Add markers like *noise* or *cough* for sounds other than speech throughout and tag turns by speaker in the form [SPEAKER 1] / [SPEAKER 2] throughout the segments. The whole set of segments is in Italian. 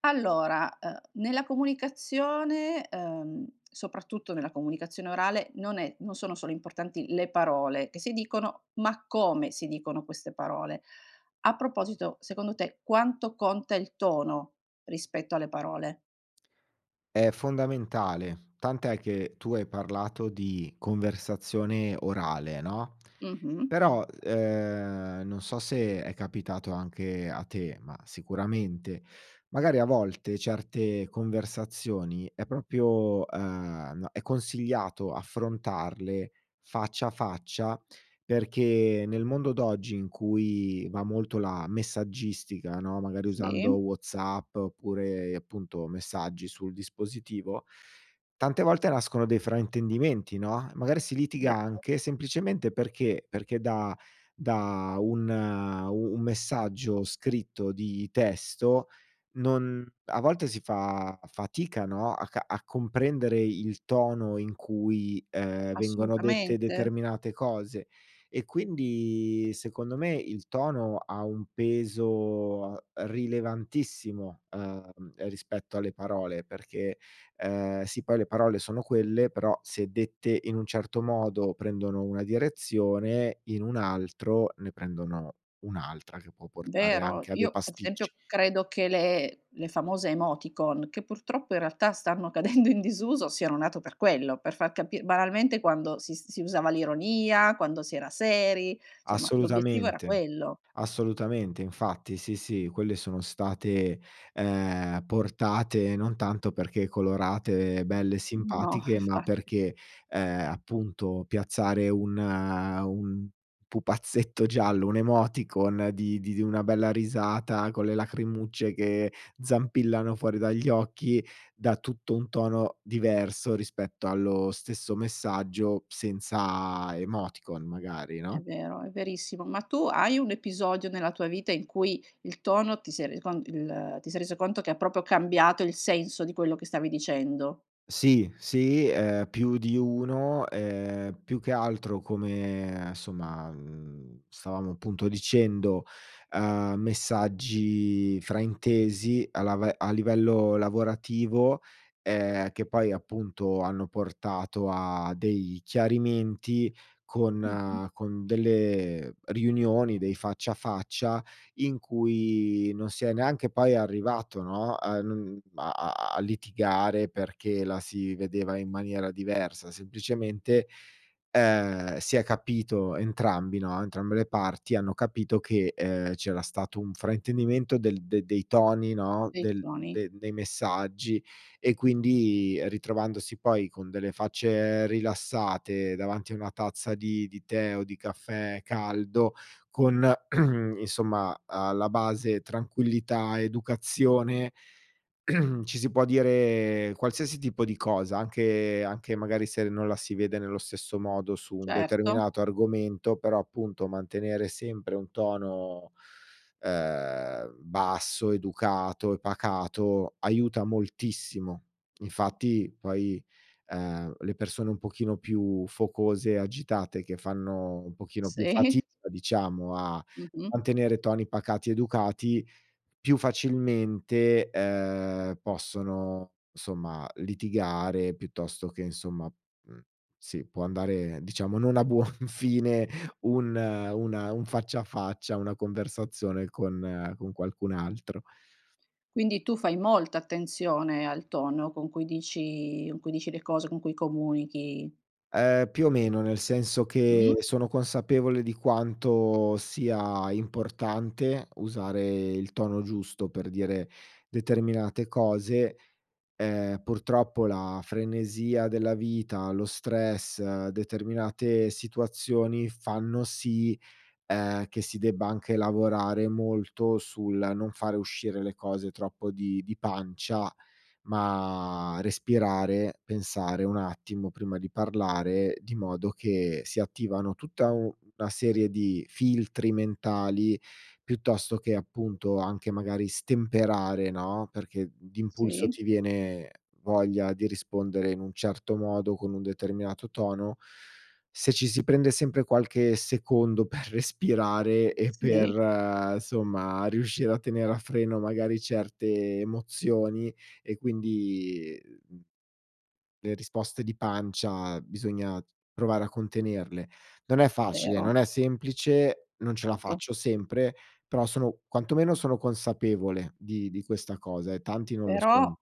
[SPEAKER 1] Allora, ehm, nella comunicazione, ehm, soprattutto nella comunicazione orale non è non sono solo importanti le parole che si dicono ma come si dicono queste parole. A proposito secondo te, quanto conta il tono rispetto alle parole?
[SPEAKER 2] È fondamentale, tant'è che, tu hai parlato di conversazione orale, no,
[SPEAKER 1] Mh-mh.
[SPEAKER 2] però, ehm, non so se è capitato anche a te, ma sicuramente, magari a volte, certe conversazioni è proprio, ehm, n è consigliato affrontarle faccia a faccia perché, nel mondo d'oggi in cui va molto la messaggistica, no, magari usando
[SPEAKER 1] Sì.
[SPEAKER 2] WhatsApp oppure appunto, messaggi sul dispositivo, tante volte nascono dei fraintendimenti, no, e magari si litiga
[SPEAKER 1] Vero.
[SPEAKER 2] anche semplicemente perché? Perché da da un u un messaggio scritto di testo non a volte si fa fatica, no, a ca a comprendere il tono in cui, ehm, vengono dette
[SPEAKER 1] Assolutamente.
[SPEAKER 2] determinate cose e quindi secondo me, il tono ha un peso, ehm, rilevantissimo, ehm, rispetto alle parole perché, ehm sì poi le parole sono quelle però, se dette in un certo modo prendono una direzione, in un altro ne prendono un'altra che può portare
[SPEAKER 1] Vero.
[SPEAKER 2] anche a dei
[SPEAKER 1] Io ad esempio,
[SPEAKER 2] pasticci.
[SPEAKER 1] credo che le le famose emoticon, che purtroppo in realtà stanno cadendo in disuso, siano nate per quello, per far capi banalmente quando si si usava l'ironia, quando si era seri somma l'obiettivo era
[SPEAKER 2] Assolutamente,
[SPEAKER 1] quello.
[SPEAKER 2] assolutamente, infatti, sì, sì, quelle sono state, ehm, portate non tanto perché colorate belle e
[SPEAKER 1] No
[SPEAKER 2] simpatiche,
[SPEAKER 1] *chuckles*
[SPEAKER 2] ma
[SPEAKER 1] infatti.
[SPEAKER 2] perché, ehm, appunto piazzare un un pupazzetto giallo, un'emoticon di di di una bella risata con le lacrimucce che zampillano fuori dagli occhi, dà tutto un tono diverso rispetto allo stesso messaggio senza emoticon magari,
[SPEAKER 1] È
[SPEAKER 2] no?
[SPEAKER 1] vero, è verissimo. Ma tu hai un episodio nella tua vita in cui il tono ti sei reso con il ti sei reso conto che ha proprio cambiato il senso di quello che stavi dicendo?
[SPEAKER 2] Sì, sì, ehm, più di uno, ehm, più che altro come somma, mhmm, stavamo appunto dicendo, uhm, messaggi fraintesi a lave a livello lavorativo, ehm, che poi appunto hanno portato a dei chiarimenti
[SPEAKER 1] Mh-mh.
[SPEAKER 2] con con delle riunioni, dei faccia a faccia in cui non si è neanche poi arrivato, no, a non a a a litigare perché la si vedeva in maniera diversa; semplicemente, ehm, si è capito entrambi, no, entrambe le parti, hanno capito che, ehm, c'era stato un fraintendimento del dei dei toni, no,
[SPEAKER 1] Dei
[SPEAKER 2] del
[SPEAKER 1] toni.
[SPEAKER 2] dei dei messaggi e quindi ritrovandosi poi con delle facce rilassate, davanti a una tazza di di the o di caffè caldo, con *clears throat* insomma alla base tranquillità, educazione, *clears throat* ci si può dire qualsiasi tipo di cosa, anche anche magari se non la si vede nello stesso modo su un
[SPEAKER 1] Certo.
[SPEAKER 2] determinato argomento, però appunto, mantenere sempre un tono, ehm, basso, educato e pacato, aiuta moltissimo. Infatti poi, ehm, le persone un pochino più focose, agitate che fanno un pochino più fatica
[SPEAKER 1] Sì.
[SPEAKER 2] diciamo a
[SPEAKER 1] Mh-mh.
[SPEAKER 2] mantenere toni pacati, educati, più facilmente, ehm, possono insomma litigare piuttosto che insomma mhmm, sì, può andare diciamo, non a buon fine un una un faccia a faccia, una conversazione con con qualcun altro.
[SPEAKER 1] Quindi tu fai molta attenzione al tono con cui dici con cui dici le cose, con cui comunichi?
[SPEAKER 2] Ehm, più o meno, nel senso che
[SPEAKER 1] Mh.
[SPEAKER 2] sono consapevole di quanto sia importante usare il tono giusto per dire determinate cose. Ehm, purtroppo la frenesia della vita, lo stress, determinate situazioni fanno sì, ehm, che si debba anche lavorare molto sul non fare uscire le cose troppo di di pancia, ma respirare, pensare un attimo prima di parlare, di modo che si attivano tutta u una serie di filtri mentali, piuttosto che appunto, anche magari stemperare, no, perché d'impulso
[SPEAKER 1] Sì.
[SPEAKER 2] ti viene voglia di rispondere in un certo modo, con un determinato tono se ci si prende sempre qualche secondo per respirare e
[SPEAKER 1] Sì.
[SPEAKER 2] per somma riuscire a tenere a freno magari certe emozioni e quindi, uhm le risposte di pancia bisogna t provare a contenerle. Non è facile,
[SPEAKER 1] Vero.
[SPEAKER 2] non è semplice, non ce la
[SPEAKER 1] Certo.
[SPEAKER 2] faccio sempre, però sono quantomeno sono consapevole di di questa cosa e tanti non lo
[SPEAKER 1] Però,
[SPEAKER 2] sono.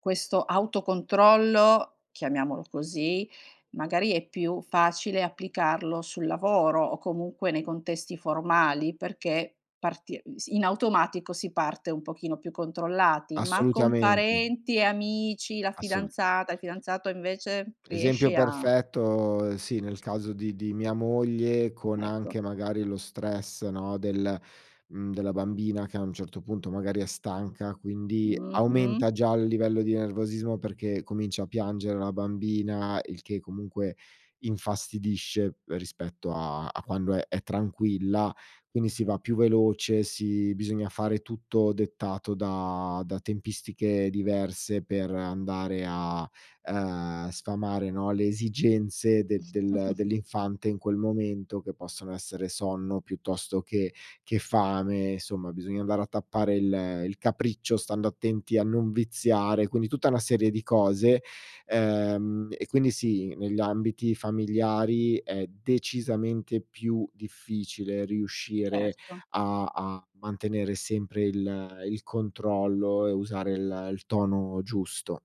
[SPEAKER 1] questo autocontrollo, chiamiamolo così, magari è più facile applicarlo sul lavoro o comunque nei contesti formali perché parti ehm, si in automatico si parte un pochino più controllati, ma con
[SPEAKER 2] Assolutamente.
[SPEAKER 1] parenti e amici, la
[SPEAKER 2] Assolu
[SPEAKER 1] fidanzata, il fidanzato invece?
[SPEAKER 2] esempio
[SPEAKER 1] Riesci a
[SPEAKER 2] perfetto, ehm, sì, nel caso di di mia moglie con
[SPEAKER 1] Ecco.
[SPEAKER 2] anche magari lo stress, no, del, mhmm, della bambina che a un certo punto magari è stanca quindi,
[SPEAKER 1] Mh-mh.
[SPEAKER 2] aumenta già il livello di nervosismo perché comincia a piangere la bambina, il che comunque infastidisce p rispetto a a quando è è tranquilla, quindi si va più veloce, si bisogna fare tutto dettato da da tempistiche diverse per andare a, uhm, sfamare, no, le esigenze de del
[SPEAKER 1] *chuckles*
[SPEAKER 2] dell'infante in quel momento, che possono essere sonno, piuttosto che che fame somma, bisogna andare a tappare il il capriccio, stando attenti a non viziare. Quindi tutta una serie di cose, ehm, e quindi sì, negli ambiti familiari è decisamente più difficile riuscire
[SPEAKER 1] Certo.
[SPEAKER 2] a a mantenere sempre il il controllo e usare il il tono giusto.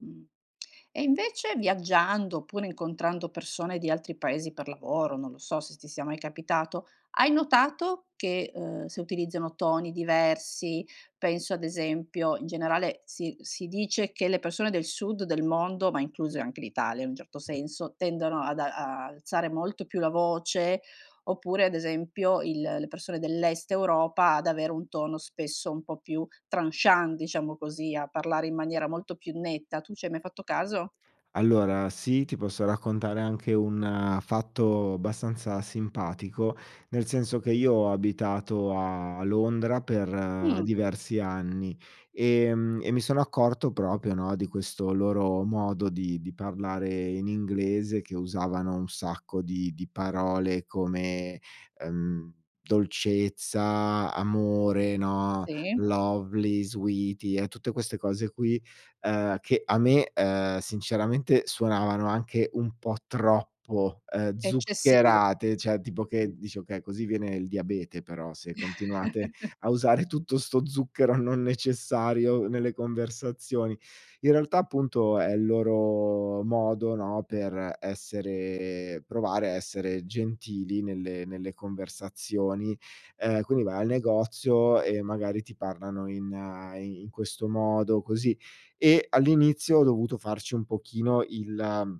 [SPEAKER 1] Mh. E invece viaggiando oppure incontrando persone di altri paesi per lavoro, non lo so se ti sia mai capitato, hai notato che, uhm, se utilizzano toni diversi, penso ad esempio in generale si si dice che le persone del sud del mondo, ma incluse anche l'Italia in un certo senso, tendono ad a-a alzare molto più la voce, oppure ad esempio il le persone dell'est Europa ad avere un tono spesso un po' più tranchant, diciamo così, a parlare in maniera molto più netta, tu ci hai mai fatto caso?
[SPEAKER 2] Allora sì, ti posso raccontare anche un fatto bastanza simpatico, nel senso che io ho abitato a Londra per
[SPEAKER 1] Mh.
[SPEAKER 2] diversi anni, ehm, e mi sono accorto proprio, no, di questo loro modo di di parlare in inglese che usavano un sacco di di parole come, ehm: dolcezza, amore, no,
[SPEAKER 1] Sì.
[SPEAKER 2] lovely, sweety e tutte queste cose qui, ehm, che a me, ehm, sinceramente suonavano anche un po' troppo, ehm,
[SPEAKER 1] Eccessivo.
[SPEAKER 2] zuccherate, cioè tipo che dici: "Okay così viene il diabete però se continuate
[SPEAKER 1] *chuckles*
[SPEAKER 2] a usare tutto sto zucchero non necessario nelle conversazioni". In realtà appunto, è il loro modo, no, per essere provare a essere gentili nelle nelle conversazioni, ehm, quindi vai al negozio e magari ti parlano in i in questo modo così. E all'inizio ho dovuto farci un pochino il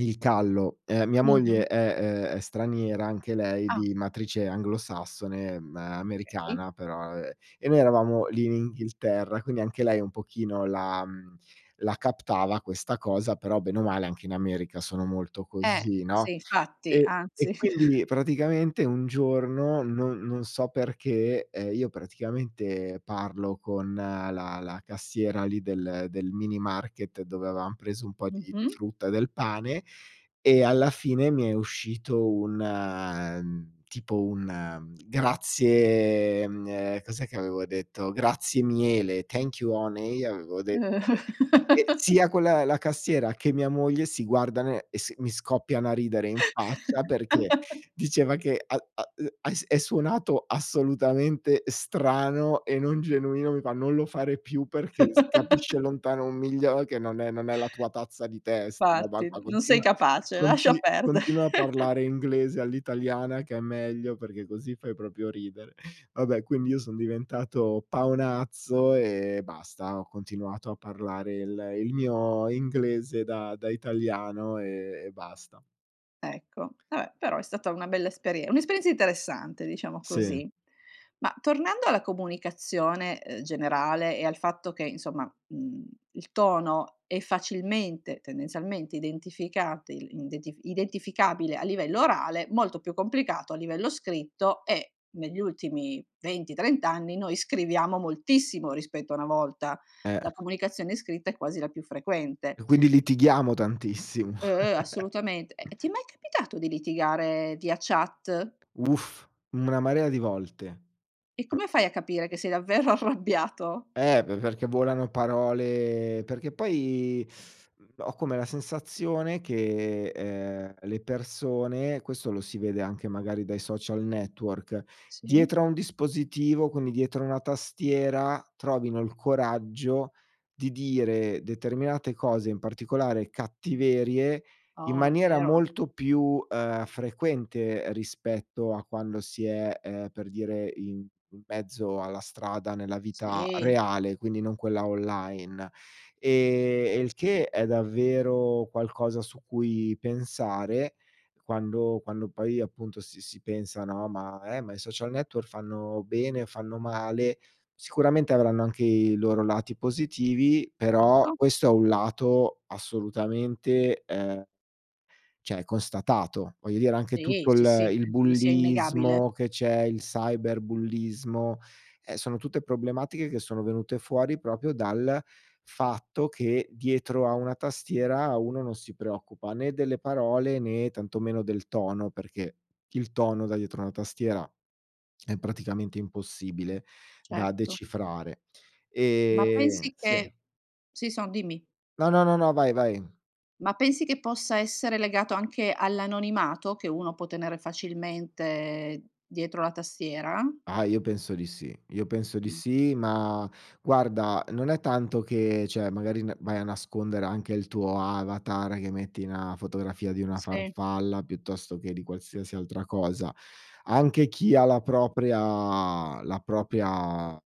[SPEAKER 2] il callo. Ehm, mia
[SPEAKER 1] Mh-mh.
[SPEAKER 2] moglie è, ehm, è straniera anche lei
[SPEAKER 1] Ah.
[SPEAKER 2] di matrice anglosassone, ehm,
[SPEAKER 1] Okay.
[SPEAKER 2] americana però, ehm, e noi eravamo lì in Inghilterra quindi, anche lei un pochino la mhmm, la captava questa cosa però, bene o male anche in America sono molto
[SPEAKER 1] Eh,
[SPEAKER 2] così,
[SPEAKER 1] sì
[SPEAKER 2] no,
[SPEAKER 1] infatti
[SPEAKER 2] e e
[SPEAKER 1] anzi.
[SPEAKER 2] quindi
[SPEAKER 1] *chuckles*
[SPEAKER 2] nie praticamente un giorno, non non so perché, ehm, io praticamente, parlo con la la cassiera lì del del minimarket dove avevam preso un po' di
[SPEAKER 1] Mh-mh.
[SPEAKER 2] frutta e del pane, e alla fine mi è uscito un, ehm, tipo un grazie, ehm, cos'è che avevo detto? "Grazie miele, "thank you honey" avevo detto, e
[SPEAKER 1] *chuckles*
[SPEAKER 2] sia quella la cassiera che mia moglie si guardano e si e mi scoppiano a ridere in faccia perché
[SPEAKER 1] *chuckles*
[SPEAKER 2] diceva che a a e e è suonato assolutamente strano e non genuino, mi fa: "Non lo fare più perché si capisce
[SPEAKER 1] *chuckles*
[SPEAKER 2] lontano un miglio che non è non è la tua tazza di tè sta roba
[SPEAKER 1] Fatti,
[SPEAKER 2] qua,
[SPEAKER 1] n non sei
[SPEAKER 2] continua
[SPEAKER 1] capace, lascia
[SPEAKER 2] conti
[SPEAKER 1] perdere.
[SPEAKER 2] continua a parlare
[SPEAKER 1] *chuckles*
[SPEAKER 2] inglese all'italiana, che è meglio, perché così fai proprio ridere". Vabbè quindi io son diventato paonazzo e basta, ho continuato a parlare il il mio inglese da da italiano e e basta.
[SPEAKER 1] Ecco, vabbè però è stata una bella esperie un'esperienza interessante diciamo
[SPEAKER 2] Sì.
[SPEAKER 1] così. Ma tornando alla comunicazione, uhm, generale e al fatto che insomma, mhmm, il tono è facilmente, tendenzialmente identificati indetifi identificabile a livello orale, molto più complicato a livello scritto e negli ultimi 20- 30 anni noi scriviamo moltissimo rispetto a una volta.
[SPEAKER 2] Eh.
[SPEAKER 1] La comunicazione scritta è quasi la più frequente.
[SPEAKER 2] E quindi litighiamo tantissimo.
[SPEAKER 1] Uhm, uhm,
[SPEAKER 2] *chuckles*
[SPEAKER 1] assolutamente! Eh, ti è mai capitato di litigare via chat?
[SPEAKER 2] Uff, una marea di volte.
[SPEAKER 1] E
[SPEAKER 2] Pro
[SPEAKER 1] come fai a capire che sei davvero arrabbiato?
[SPEAKER 2] Ehm, pe perché volano parole perché poi *sucks teeth* mhmm, ho come la sensazione che, ehm, le persone questo lo si vede anche magari dai social network,
[SPEAKER 1] Sì.
[SPEAKER 2] dietro a un dispositivo, quindi dietro a una tastiera trovino il coraggio di dire determinate cose, in particolare cattiverie, in
[SPEAKER 1] Oh, è
[SPEAKER 2] maniera
[SPEAKER 1] vero.
[SPEAKER 2] molto più, ehm, frequente rispetto a quando si è, ehm, per dire in in mezzo alla strada nella vita
[SPEAKER 1] Sì.
[SPEAKER 2] reale, quindi non quella online, e e il che è davvero qualcosa su cui pensare quando quando poi appunto, si si pensa, no, ma ehm, ma i social network fanno bene, fanno male, sicuramente avranno anche i loro lati positivi, però
[SPEAKER 1] Certo.
[SPEAKER 2] questo è un lato assolutamente, ehm cioè constatato. Voglio dire anche
[SPEAKER 1] Sì,
[SPEAKER 2] tutto
[SPEAKER 1] sì,
[SPEAKER 2] il
[SPEAKER 1] sì,
[SPEAKER 2] il
[SPEAKER 1] penso che sia
[SPEAKER 2] bullismo
[SPEAKER 1] innegabile.
[SPEAKER 2] che c'è, il cyberbullismo, ehm, sono tutte problematiche che sono venute fuori proprio dal fatto che dietro a una tastiera uno non si preoccupa né delle parole, né tantomeno del tono, perché il tono da dietro a una tastiera è praticamente impossibile da
[SPEAKER 1] Certo.
[SPEAKER 2] decifrare.
[SPEAKER 1] Ma
[SPEAKER 2] Ehm,
[SPEAKER 1] pensi
[SPEAKER 2] sì.
[SPEAKER 1] che si son dimmi.
[SPEAKER 2] No, no, no, no, vai, vai.
[SPEAKER 1] Ma pensi che possa essere legato anche all'anonimato che uno può tenere facilmente dietro la tastiera?
[SPEAKER 2] Ah, io penso di sì. Io penso di
[SPEAKER 1] Mh.
[SPEAKER 2] sì ma, guarda non è tanto che, cioè magari n vai a nascondere anche il tuo avatar, che metti na fotografia di una
[SPEAKER 1] Sì.
[SPEAKER 2] farfalla piuttosto che di qualsiasi altra cosa. Anche chi ha la propria la propria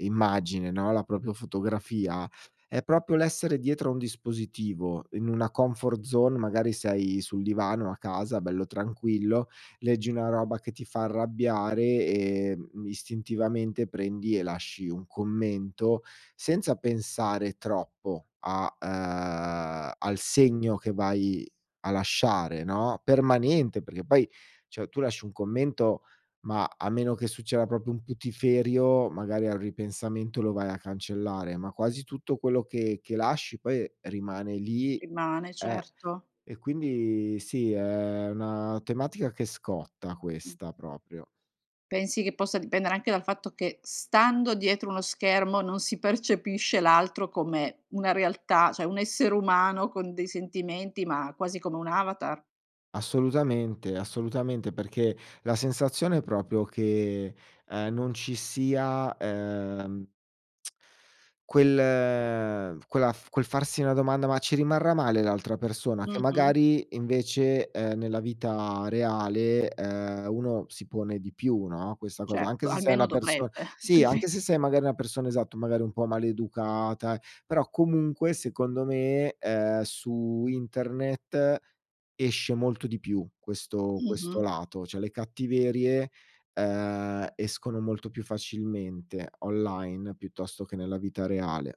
[SPEAKER 2] immagine, no, la propria fotografia, è proprio l'essere dietro a un dispositivo, in una comfort zone, magari sei sul divano a casa bello tranquillo, leggi una roba che ti fa arrabbiare e, mhmm, istintivamente prendi e lasci un commento, senza pensare troppo a, ehm, al segno che vai a lasciare, no, permanente, perché poi cioè tu lasci un commento ma a meno che succeda proprio un putiferio, magari al ripensamento lo vai a cancellare, ma quasi tutto quello che che lasci poi rimane lì
[SPEAKER 1] Rimane,
[SPEAKER 2] ehm,
[SPEAKER 1] certo.
[SPEAKER 2] e quindi sì, è una tematica che scotta
[SPEAKER 1] Mh.
[SPEAKER 2] questa proprio.
[SPEAKER 1] Pensi che possa dipendere anche dal fatto che stando dietro uno schermo non si percepisce l'altro come una realtà, cioè un essere umano con dei sentimenti ma quasi come un avatar?
[SPEAKER 2] Assolutamente. Assolutamente. Perché, la sensazione è proprio che, ehm, non ci sia, ehm *clicks tongue* quel quella quel farsi una domanda: "Ma ci rimarrà male l'altra persona?". Che
[SPEAKER 1] Mh-mh.
[SPEAKER 2] magari invece, ehm, nella vita reale, ehm, uno si pone di più, no, questa cosa anche
[SPEAKER 1] Certo,
[SPEAKER 2] se sei
[SPEAKER 1] almeno
[SPEAKER 2] una person
[SPEAKER 1] dovrebbe,
[SPEAKER 2] sì
[SPEAKER 1] altrimen
[SPEAKER 2] anche
[SPEAKER 1] *chuckles*
[SPEAKER 2] se sei magari una persona esatto, magari un po' maleducata, eh però comunque secondo me, ehm, su internet esce molto di più questo questo
[SPEAKER 1] Mh-mh.
[SPEAKER 2] lato, cioè le cattiverie, ehm, escono molto più facilmente online piuttosto che nella vita reale.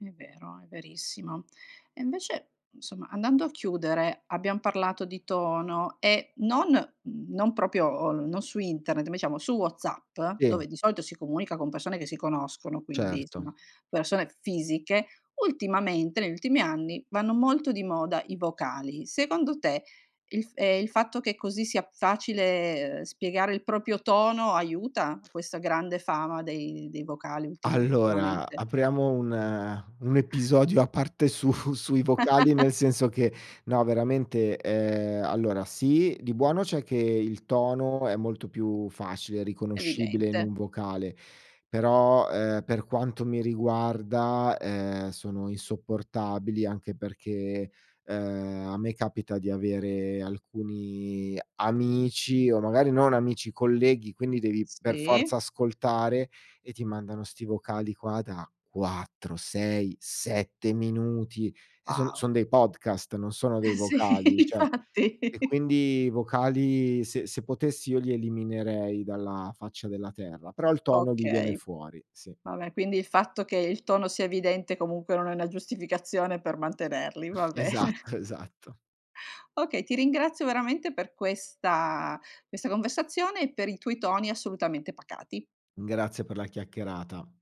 [SPEAKER 1] È vero, è verissimo. E invece insomma andando a chiudere abbiam parlato di tono e non, mhmm, non proprio o non su internet, ma diciamo su Whatsapp,
[SPEAKER 2] Sì.
[SPEAKER 1] dove di solito si comunica con persone che si conoscono quindi,
[SPEAKER 2] Certo.
[SPEAKER 1] insomma persone fisiche, ultimamente negli ultimi anni vanno molto di moda i vocali. Secondo te, il f ehm, il fatto che così sia facile, uhm, spiegare il proprio tono aiuta questa grande fama dei dei vocali ultima
[SPEAKER 2] Allora,
[SPEAKER 1] ultimamente?
[SPEAKER 2] apriamo un un episodio a parte su sui vocali
[SPEAKER 1] *laughs*
[SPEAKER 2] nel senso che, no veramente, ehm, allora sì di buono c'è che il tono è molto più facile, riconoscibile in
[SPEAKER 1] Evidente.
[SPEAKER 2] un vocale. Però, ehm, per quanto mi riguarda, ehm, sono insopportabili, anche perché, ehm, a me capita di avere alcuni amici o magari non amici, colleghi, quindi devi per forza
[SPEAKER 1] Sì.
[SPEAKER 2] ascoltare e ti mandano sti vocali qua da 4- 6- 7 minuti e son son
[SPEAKER 1] Wow.
[SPEAKER 2] dei podcast, non sono dei
[SPEAKER 1] Sì
[SPEAKER 2] vocali, cioè. E
[SPEAKER 1] infatti.
[SPEAKER 2] quindi vocali se se potessi io li eliminerei dalla faccia della terra, però il tono lì viene
[SPEAKER 1] Okay.
[SPEAKER 2] fuori, sì.
[SPEAKER 1] Vabbè, quindi il fatto che il tono sia evidente comunque non è una giustificazione per mantenerli, va
[SPEAKER 2] *chuckles*
[SPEAKER 1] bene. *chuckles*
[SPEAKER 2] Esatto, esatto.
[SPEAKER 1] Okay ti ringrazio veramente per questa questa conversazione, e per i tuoi toni assolutamente pacati.
[SPEAKER 2] Grazie per la chiacchierata.